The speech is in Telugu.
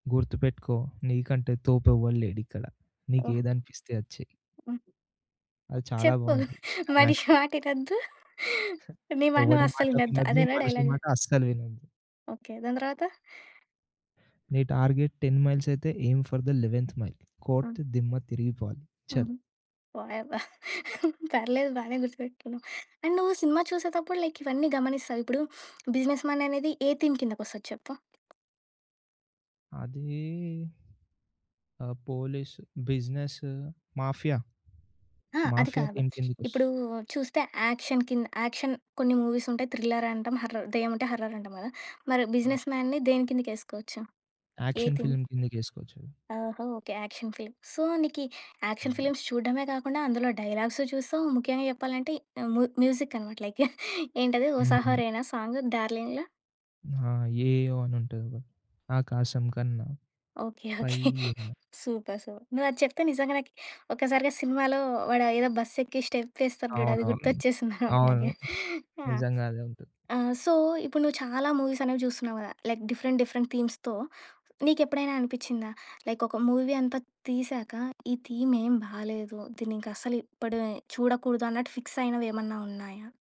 గుర్తుపెట్టుకో! నీకంటే తోపు ఎవ్వడు లేడిక్కడ. ఓహ్! నీకేదనిపిస్తే అది చెయి. అది చాలా చెప్పు. బావుంటది మనిషి క్లైమాక్స్. మాటినొద్దు. నీ మాట నువు ఎవ్వడి మాట అస్సలినొద్దు వినొద్దు. అదేనా మనిషి డైలాగు. మాట అస్సలు వినొద్దు. ఓకే. దాని తరవాత? నీ టార్గెట్ టెన్ మైల్స్ అయితే, aim for the eleventh mile. ఆ! కోడ్తే దిమ్మ తిరిగిపోవాలి. చల్. హుహు. వాయబ్బో! పర్లేదు బానే గుర్తుపెట్టుకున్నావు. అండ్ నువ్వు సినిమా చూసేటప్పుడు లైక్ ఇవన్నీ గమనిస్తావ? ఇప్పుడు బిజినెస్ మ్యాన్ అనేది ఏ థీమ్ కిందకి ఒస్తది చెప్పు? అదీ ఆహ్, పోలీస్, బిజినెస్, మాఫియా. ఆ! అది మాఫియా కాదు. థీమ్ ఇప్పుడు కిందకొస్తు చూస్తే యాక్షన్ కింద యాక్షన్ కొన్ని మూవీస్ ఉంటాయి. థ్రిల్లర్ అంటాం. హర్రర్ దెయ్యం ఉంటె హర్రర్ అంటాం గదా! మరి హ్మ్. బిజినెస్ మ్యాన్‌ని దేని కిందకి ఏసుకోవచ్చు? ఏ యాక్షన్ థీమ్? ఫిల్మ్ కిందకేసుకోవచ్చు అది. ఓహో! ఓకే. Action film. సో నీకీ యాక్షన్ హ్మ్. ఫిలి‌మ్స్ చూడ్డమే గాకుండా, అందులో డైలా‌గ్సు చూస్తావు, ముఖ్యంగా జెప్పాలంటే ము మ్యూజిక్ అన‌మాట. లైక్, యాహ్ ఏంటది హోసా హుహు. హోరేనా సాంగ్ 'డార్లింగ్‌ల'. ఆ! యేఈయో అని ఉంటది కదా! ఆకాశం కన్నా ఓకే. ఓకే. పైయ్యని. సూపర్. సూపర్. నువు అది చెప్తే నిజంగా నాకీ ఒక్కసారిగా సినిమాలో వాడా ఏదో బస్ ఎక్కి స్టెప్ ఏస్తాడు జూడు అది అవునవును. గుర్తొచ్చేసింది నాకు అవును. నాకే. యాహ్! నిజంగా అదే ఉంటది. ఆ! సో ఇప్పుడు నువ్వు చాలా మూవీస్ అనేవి జూస్తున్నావు గదా! లైక్ డిఫరెంట్ డిఫరెంట్ థీమ్స్‌తో నీకెప్పుడైనా అనిపిచ్చిందా లైక్, ఒక మూవీ అంతా తీశాక ఈ థీమ్ ఏం బాలేదు. దీన్నింకా అసలే ఎప్పుడే చూడకూడదు అన్నట్టు ఫిక్స్ అయినవి ఏమన్నా ఉన్నాయా?